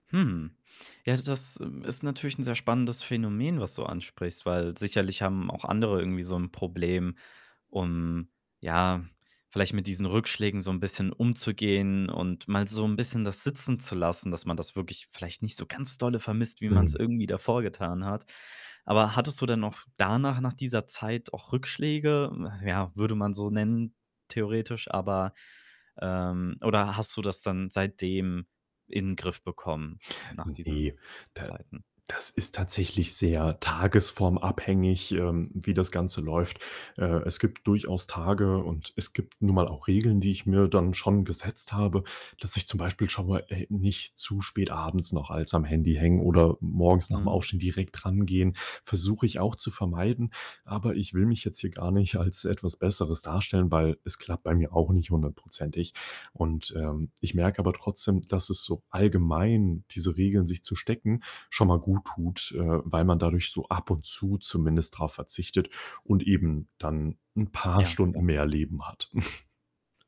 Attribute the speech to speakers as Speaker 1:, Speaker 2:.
Speaker 1: Hm. Ja, das, äh, ist natürlich 'n sehr spannendes Phänomen, was du ansprichst, weil sicherlich haben auch andere irgendwie so 'n Problem, um ja, vielleicht mit diesen Rückschlägen so 'n bisschen umzugehen und mal so 'n bisschen das sitzen zu lassen, dass man das wirklich vielleicht nicht so ganz dolle vermisst, wie man's
Speaker 2: Hm.
Speaker 1: irgendwie davor getan hat. Aber hattest du denn noch danach nach dieser Zeit auch Rückschläge? Ach, ja, würde man so nennen theoretisch, aber, ähm oder hast du das dann seitdem in Griff bekommen nach diesen
Speaker 2: Ne, da
Speaker 1: Zeiten.
Speaker 2: das ist tatsächlich sehr tagesformabhängig, ähm, wie das Ganze läuft. Äh, es gibt durchaus Tage, und es gibt nun mal auch Regeln, die ich mir dann schon gesetzt habe, dass ich zum Beispiel schon mal, äh, nicht zu spät abends noch als am Handy hängen oder morgens nach 'm
Speaker 1: Mhm.
Speaker 2: Aufstehen direkt drangehen, versuche ich auch zu vermeiden. Aber ich will mich jetzt hier gar nicht als etwas Besseres darstellen, weil es klappt bei mir auch nicht hundertprozentig und, ähm, ich merke aber trotzdem, dass es so allgemein diese Regeln sich zu stecken, schon mal guttut, äh, weil man dadurch so ab und zu zumindest drauf verzichtet und eben dann 'n paar
Speaker 1: Ja,
Speaker 2: Stunden
Speaker 1: klar.
Speaker 2: mehr Leben hat.